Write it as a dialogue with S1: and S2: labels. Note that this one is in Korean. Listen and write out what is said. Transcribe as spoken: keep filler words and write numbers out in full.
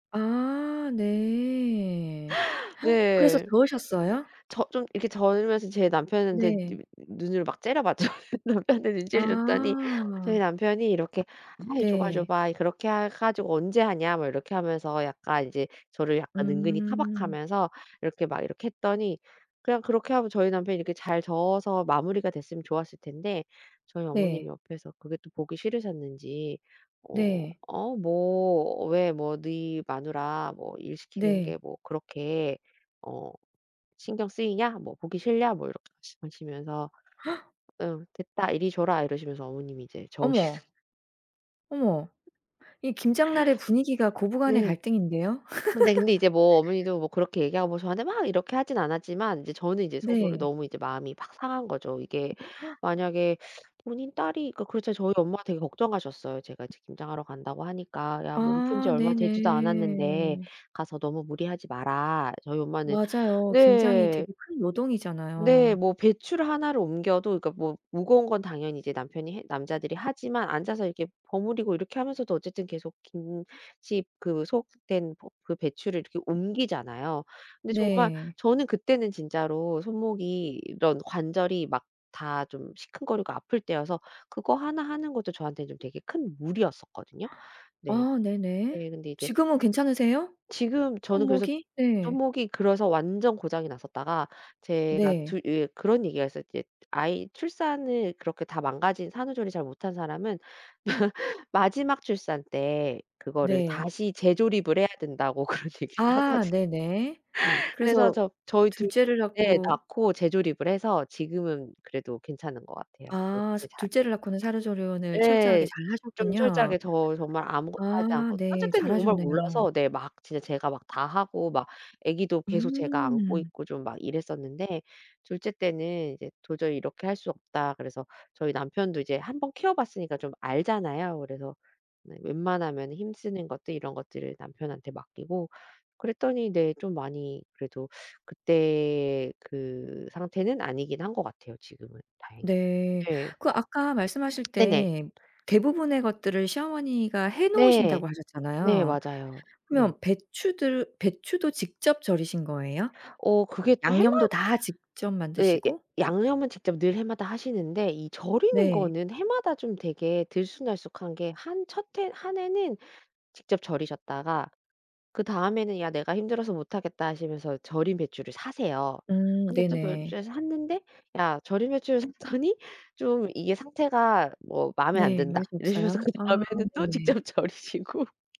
S1: 아 네. 그래서
S2: 네.
S1: 저으셨어요?
S2: 저 좀 이렇게 절이면서 제 남편한테
S1: 네.
S2: 누 눈을 막 째려봤죠, 남편한테 눈치를 줬더니 저희
S1: 아.
S2: 남편이 이렇게 "아 줘 봐. 줘
S1: 네.
S2: 봐. 그렇게 해 가지고 언제 하냐." 뭐 이렇게 하면서 약간 이제 저를 약간 은근히
S1: 음.
S2: 타박하면서 이렇게 막 이렇게 했더니 그냥 그렇게 하면 저희 남편이 이렇게 잘 저어서 마무리가 됐으면 좋았을 텐데 저희 어머님이
S1: 네.
S2: 옆에서 그게 또 보기 싫으셨는지 "어
S1: 네.
S2: 어 뭐 왜 뭐 너희 마누라 뭐 일 시키는 게
S1: 네.
S2: 뭐 그렇게 어 신경 쓰이냐? 뭐 보기 싫냐?" 뭐 이렇게 말씀하시면서 "음 됐다. 이리 줘라." 이러시면서 어머님이 이제
S1: 어머.
S2: 저으시는.
S1: 어머 이 김장날의 분위기가 고부간의
S2: 네.
S1: 갈등인데요.
S2: 근데 근데 이제 뭐 어머니도 뭐 그렇게 얘기하고 저한테 막 이렇게 하진 않았지만 이제 저는 이제 속으로
S1: 네.
S2: 너무 이제 마음이 팍 상한 거죠. 이게 만약에 본인 딸이 그 그렇지 않아도 저희 엄마가 되게 걱정하셨어요. 제가 이제 김장하러 간다고 하니까. "야, 몸 푼 지
S1: 아
S2: 얼마 되지도 않았는데
S1: 네네.
S2: 가서 너무 무리하지 마라." 저희 엄마는
S1: 맞아요. 김장이
S2: 네.
S1: 되게 큰
S2: 네.
S1: 노동이잖아요.
S2: 뭐 배추를 하나를 옮겨도 그러니까 뭐 무거운 건 당연히 이제 남편이 해 남자들이 하지만 앉아서 이렇게 버무리고 이렇게 하면서도 어쨌든 계속 김치 그 속 든 버 그 배추를 이렇게 옮기잖아요. 근데 정말
S1: 네.
S2: 저는 그때는 진짜로 손목이 이런 관절이 막 다 좀 시큰거리고 아플 때여서 그거 하나 하는 것도 저한테는 좀 되게 큰 무리였었거든요. 네.
S1: 아 네네.
S2: 네. 근데 이제
S1: 지금은 괜찮으세요?
S2: 지금 저는 그래서
S1: 손목이? 네.
S2: 손목이 그래서 완전 고장이 났었다가 제가
S1: 네.
S2: 두 예 그런 얘기가 있어요. 이제 아이 출산을 그렇게 다 망가진 산후조리 잘 못한 사람은 마지막 출산 때 그거를
S1: 네.
S2: 다시 재조립을 해야 된다고 그런 얘기를
S1: 아
S2: 하거든요.
S1: 네네.
S2: 그래서
S1: 그래서
S2: 저 저희
S1: 둘째를
S2: 둘째
S1: 낳고.
S2: 낳고 재조립을 해서 지금은 그래도 괜찮은 것 같아요.
S1: 아 스
S2: 어떻게 잘.
S1: 둘째를 낳고는 산후조리원을 철저하게
S2: 예. 좀
S1: 잘하셨군요.
S2: 철저하게 더 정말 아무것도 하지
S1: 아
S2: 않고 첫째
S1: 네.
S2: 때는 정말
S1: 잘하셨네요.
S2: 몰라서 네 막 진짜 제가 막 다하고 막 애기도 계속 제가 안고
S1: 음.
S2: 있고 좀 막 이랬었는데 둘째 때는 이제 '도저히 이렇게 할 수 없다.' 그래서 저희 남편도 이제 한 번 키워 봤으니까 좀 알잖아요. 그래서 네 웬만하면 힘쓰는 것들 이런 것들을 남편한테 맡기고 그랬더니 네 좀 많이 그래도 그때 그 상태는 아니긴 한 것 같아요, 지금은 다행히도.
S1: 네.
S2: 네.
S1: 그 아까 말씀하실
S2: 네네.
S1: 때 대부분의 것들을 시어머니가
S2: 네.
S1: 해놓으신다고
S2: 네
S1: 하셨잖아요.
S2: 맞아요. 네.
S1: 그러면 배추들 배추도 직접 절이신 거예요?
S2: 어 그게 또 해마
S1: 양념도 다 직접
S2: 예. 야
S1: 만드시고?
S2: 양념은 직접 늘 해마다 하시는데 절이는
S1: 네.
S2: 거는 해마다 좀 되게 들쑥날쑥한 게 한 첫 해 한 해는 직접 절이셨다가 그다음에는 "야 내가 힘들어서 못하겠다." 하시면서 절인 배추를 사세요.
S1: 음
S2: 근데 또 절인
S1: 네네.
S2: 배추를 샀는데 "야 절인 배추를 샀더니 좀 이게 상태가 뭐 마음에 안
S1: 네. 맛이
S2: 든다." 이러시면서
S1: 없어요? 아
S2: 그다음 해에는 또
S1: 네네.
S2: 직접 절이시고.